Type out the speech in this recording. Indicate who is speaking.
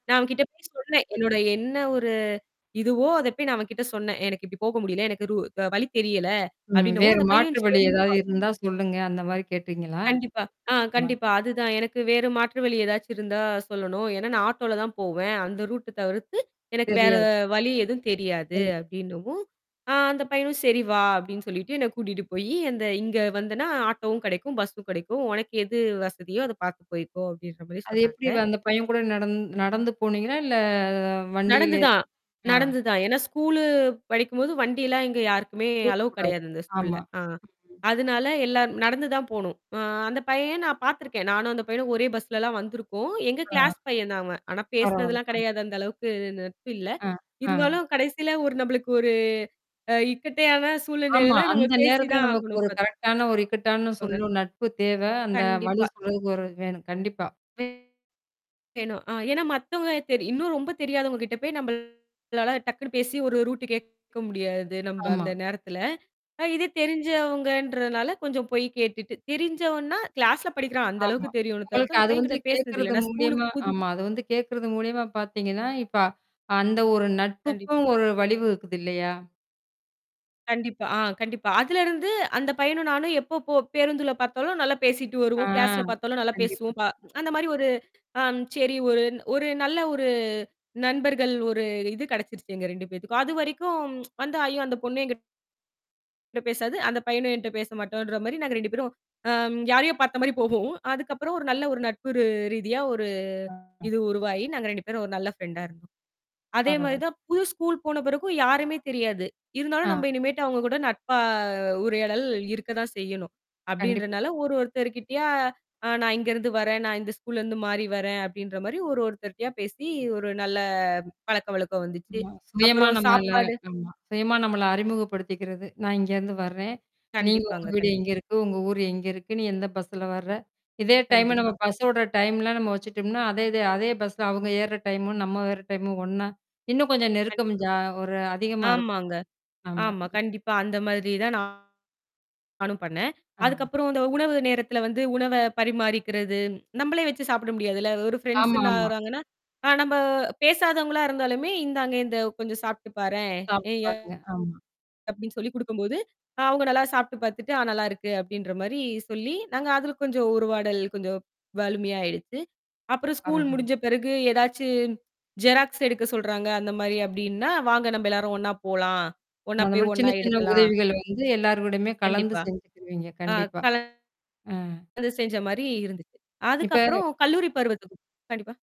Speaker 1: நான் அவன் கிட்ட போய் சொன்னேன். என்னோட என்ன ஒரு இதுவோ, அத போய் நான் அவன் கிட்ட சொன்னேன், "ஏய்! எனக்கு இப்படி போக முடியல. எனக்கு ரூ வழி தெரியல."
Speaker 2: ம்.
Speaker 1: அப்படீன்னவும்
Speaker 2: வேறு
Speaker 1: அந்தப் பையன்
Speaker 2: மாற்று வழி
Speaker 1: சரிங்க பா
Speaker 2: ஏதாவது இருந்தா சொல்லுங்க. அந்த மாரி கேட்டீங்களா?
Speaker 1: கண்டிப்பா. அ
Speaker 2: ஆமா.
Speaker 1: கண்டிப்பா அது தான். "எனக்கு வேற மாற்று வழி ஏதாச்சும் இருந்தா சொல்லணும். ஏன்னா நா ஆட்டோல தான் போவேன். அந்த ரூட்ட தவிர்த்து எனக்கு வேற
Speaker 2: தெரியாது.
Speaker 1: வழி எதுவும் தெரியாது."
Speaker 2: சரி.
Speaker 1: அப்படீன்னவும், அ அந்தப் பையனும் "சரி வா" அப்படீன்னு சொல்லீட்டு என்னைக் கூட்டிட்டு போயி, "அந்த இங்க வந்துன்னா ஆட்டோவும் கெடைக்கும், பஸ்ஸும் கெடைக்கும். உனக்கு எது வசதியோ அத பார்த்து போயிக்கோ." அப்படீன்ற மாரி
Speaker 2: அது எப்படி வ
Speaker 1: சொன்னாங்க.
Speaker 2: அந்தப் பையன் கூட நடந் நடந்து போனீங்களா? இல்ல
Speaker 1: நடந்து
Speaker 2: வண்டியிலே
Speaker 1: தான்,
Speaker 2: அ.
Speaker 1: நடந்து தான். ஏன்னா ஸ்கூலு படிக்கும் போது வண்டி எல்லாம் இங்க யாருக்குமே
Speaker 2: கொடுக்கக்
Speaker 1: அலோவ்
Speaker 2: கூடாது.
Speaker 1: கெடையாது இந்த ஸ்கூல்ல.
Speaker 2: ஆமா.
Speaker 1: ஆ.
Speaker 2: ம்.
Speaker 1: அதனால எல்லாம் நடந்து தான் போகணும். அ அந்தப் பையன் நான் பாத்துருக்கேன். நானும் அந்தப் பையனும் ஒரே பஸ்லலாம் வந்துருக்கோம். எங்க
Speaker 2: அ.
Speaker 1: கிளாஸ் பையன் தான் அவன். ஆனா
Speaker 2: பரவால்ல.
Speaker 1: பேசுனதெல்லாம்
Speaker 2: அ.
Speaker 1: கெடையாது. அந்த அளவுக்கு நட்பு இல்ல.
Speaker 2: அ. அ.
Speaker 1: இருந்தாலும் கடைசியில ஒரு நம்பளுக்கு ஒரு அ இக்கட்டான
Speaker 2: ஆமா.
Speaker 1: சூழ்நிலைல நம்ம
Speaker 2: அந்த
Speaker 1: பேசி
Speaker 2: நேரத்துல
Speaker 1: தான்
Speaker 2: நமக்கு
Speaker 1: ஆகணும்
Speaker 2: ஒரு
Speaker 1: பாத்
Speaker 2: கரெக்ட்டானா ஒரு இக்கட்டான
Speaker 1: துக்கோங்க.
Speaker 2: சொல்லும் நட்பு தேவை. அந்த வழி
Speaker 1: கண்டிப்பா.
Speaker 2: சொல்றதுக்கு ஒருவர் வேணும். கண்டிப்பா.
Speaker 1: வே யேணும் அ ஏன்னா மத்தவங்கள தெரி இன்னும் ரொம்ப தெரியாதவங்க கிட்ட போய் நம்பளால டக்குன்ன்னு பேசி ஒரு ரூட்டு கேக்க முடியாது, நம்ப
Speaker 2: ஆமா.
Speaker 1: அந்த நேரத்துல. அ இது தெரிஞ்சவங்கன்றதுனால கொஞ்சம் போய்க் கேட்டுட்டு தெரிஞ்சவன்னா, கிளாஸ்ல படிக்கிறான் அந்த
Speaker 2: ஆமா.
Speaker 1: அளவுக்குத் தெரியும்ல தவிர்த்து,
Speaker 2: உங்களுக்கு
Speaker 1: அந்தப்
Speaker 2: அது
Speaker 1: பையன்
Speaker 2: வந்து
Speaker 1: கிட்ட பேசுனது இல்ல.
Speaker 2: கேக்குறது
Speaker 1: நா ஸ்கூல்க்கு
Speaker 2: மூலியமா
Speaker 1: புது
Speaker 2: ஆமா. அது வந்து கேக்குறது மூலியமா பாத்தீங்கன்னா, இப்ப அந்த ஒரு
Speaker 1: கண்டிப்பா.
Speaker 2: நட்புக்கும் ஒரு வலிமை இருக்குது இல்லையா?
Speaker 1: கண்டிப்பா. ஆ கண்டிப்பா. அதுலருந்து அந்தப் பையனும், நானும் எப்போ போ பேருந்துல பாத்தாலும் நல்லா பேசிட்டு
Speaker 2: ஆ.
Speaker 1: வருவோம். கிளாஸ்ல பாத்தாலும் நல்லா
Speaker 2: கண்டிப்பா.
Speaker 1: பேசுவோம். ப அந்த மாரி ஒரு அ சரி, ஒரு ஒரு நல்ல ஒரு நண்பர்கள் ஒரு இது கெடைச்சுருச்சு எங்க 2 பேத்துக்கும். அதுவரைக்கும் வந்தா, அய்யோ அந்தப் பொண்ணே என்கிட் ட பேசாது. அந்தப் பையனும் என்ட்ட பேசமாட்டான்ற மாரி நாங்க 2 பேரும் அம் யாரையோ பார்த்த மாரி போவோம். அதுக்கப்புறம் ஒரு நல்ல ஒரு நட்பு ரு ரீதியா ஒரு
Speaker 2: ஆ.
Speaker 1: இது உருவாயி, நாங்க 2 பேரும் ஒரு நல்ல ஃப்ரெண்டா இருந்தோம். அதே மாதிரி
Speaker 2: பரவால்ல.
Speaker 1: தான் புது ஸ்கூல் போன பிறகும் யாருமே தெரியாது. "இருந்தாலும்
Speaker 2: ஆ.
Speaker 1: நம்ப இனிமேட்டு அவங்க கூட நட்பா உரையாடல் இருக்கதான் செய்யணும்."
Speaker 2: கண்டிப்பு.
Speaker 1: அப்படீன்றனால ஒரு ஒருத்தர் கிட்டயா, "அ நான் இங்கருந்து வரேன். நான் இந்த ஸ்கூல்லருந்து மாறி வரேன்." அப்படீன்ற மாரி ஒரு ஒருத்தர்ட்டயா பேசி ஒரு நல்ல பழக்க வழக்கம் வந்துச்சு.
Speaker 2: ஆமா. சுயமா
Speaker 1: அப்புறம்
Speaker 2: நம்மால
Speaker 1: சாப்பாடு
Speaker 2: ஆமா. சுயமா நம்மள அறிமுகப்படுத்திக்கறது. நா இங்கருந்து வர்றேன். நீங்க உங்க
Speaker 1: கண்டிப்பாங்க.
Speaker 2: வீடு
Speaker 1: கண்டிப்
Speaker 2: எங்க இருக்கு? உங்க ஊர் எங்க இருக்கு? நீ எந்தப் பஸ்ஸுல வர்ற? இதே டைம் நம்ம
Speaker 1: கண்டிப்பா.
Speaker 2: பஸ்ஸோட டைமல்லாம் நம்ம வச்சுட்டோம்ன்னா, அதே இது அதே பஸ்ஸ அவங்க ஏர்ற டைமும் நம்ம ஏர்ற டைமும் ஒண்ணா இன்னும் கொஞ்சம் நெருக்கம்
Speaker 1: கண்டிப்பா.
Speaker 2: ஜா ஒரு அதிகமா இருக்கும்.
Speaker 1: ஆமாங்க.
Speaker 2: ஆமா.
Speaker 1: ஆமா. கண்டிப்பா அந்த மாதிரி தான் நா நானும் பண்ணேன்.
Speaker 2: அ.
Speaker 1: அதுக்கப்புறம் அந்த உணவு நேரத்துல வந்து உணவ பரிமாறிக்கிறது. நம்பளே வச்சு சாப்பிட முடியாதுல்ல. ஒரு ஃபிரண்ட்ஸ்ன்னு
Speaker 2: ஆமாமா.
Speaker 1: ஆகுறாங்கன்னா அ நம்ப பேசாதவங்களா இருந்தாலுமே, "இந்தாங்க இந்த கொஞ்சம் சாப்பிட்டு பாரேன் எ
Speaker 2: சாப்பிட்டு
Speaker 1: அ"
Speaker 2: பாருங்க. ஆமா.
Speaker 1: அப்படீன்னு சொல்லிக் குடுக்கும் போது, அவுங்க நல்லா சாப்பிட்டு பாத்துட்டு, "அ நல்லா இருக்கு" அப்படீன்ற மாரி சொல்லி நாங்க அதுல கொஞ்சம் உரவாடல் கொஞ்சம் வலுமையா ஆயிடுச்சு. அப்புறம் ஸ்கூல்
Speaker 2: பரவால்ல.
Speaker 1: முடிஞ்ச பிறகு எதாச்சும் ஜெராக்ஸ் எடுக்க சொல்றாங்க, அந்த மாரி அப்படீன்னா, "வாங்க நம்ப எல்லாரும் ஒண்ணா போலாம். ஒண்ணா
Speaker 2: அந்த
Speaker 1: போய்,
Speaker 2: மாரி சின்ன
Speaker 1: ஒண்ணா
Speaker 2: சின்ன
Speaker 1: எடுக்கலாம்."
Speaker 2: உதவிகள வந்து எல்லாரோடமே கலந்து
Speaker 1: கண்டிப்பா.
Speaker 2: செஞ்சுக்குவீங்க
Speaker 1: அ
Speaker 2: கண்டிப்பா.
Speaker 1: கலந்
Speaker 2: அ.
Speaker 1: து செஞ்ச மாரி இருந்துச்சு.
Speaker 2: இப்ப
Speaker 1: அதுக்கப்புறம் கல்லூரி பருவத்துக்கும் கண்டிப்பா.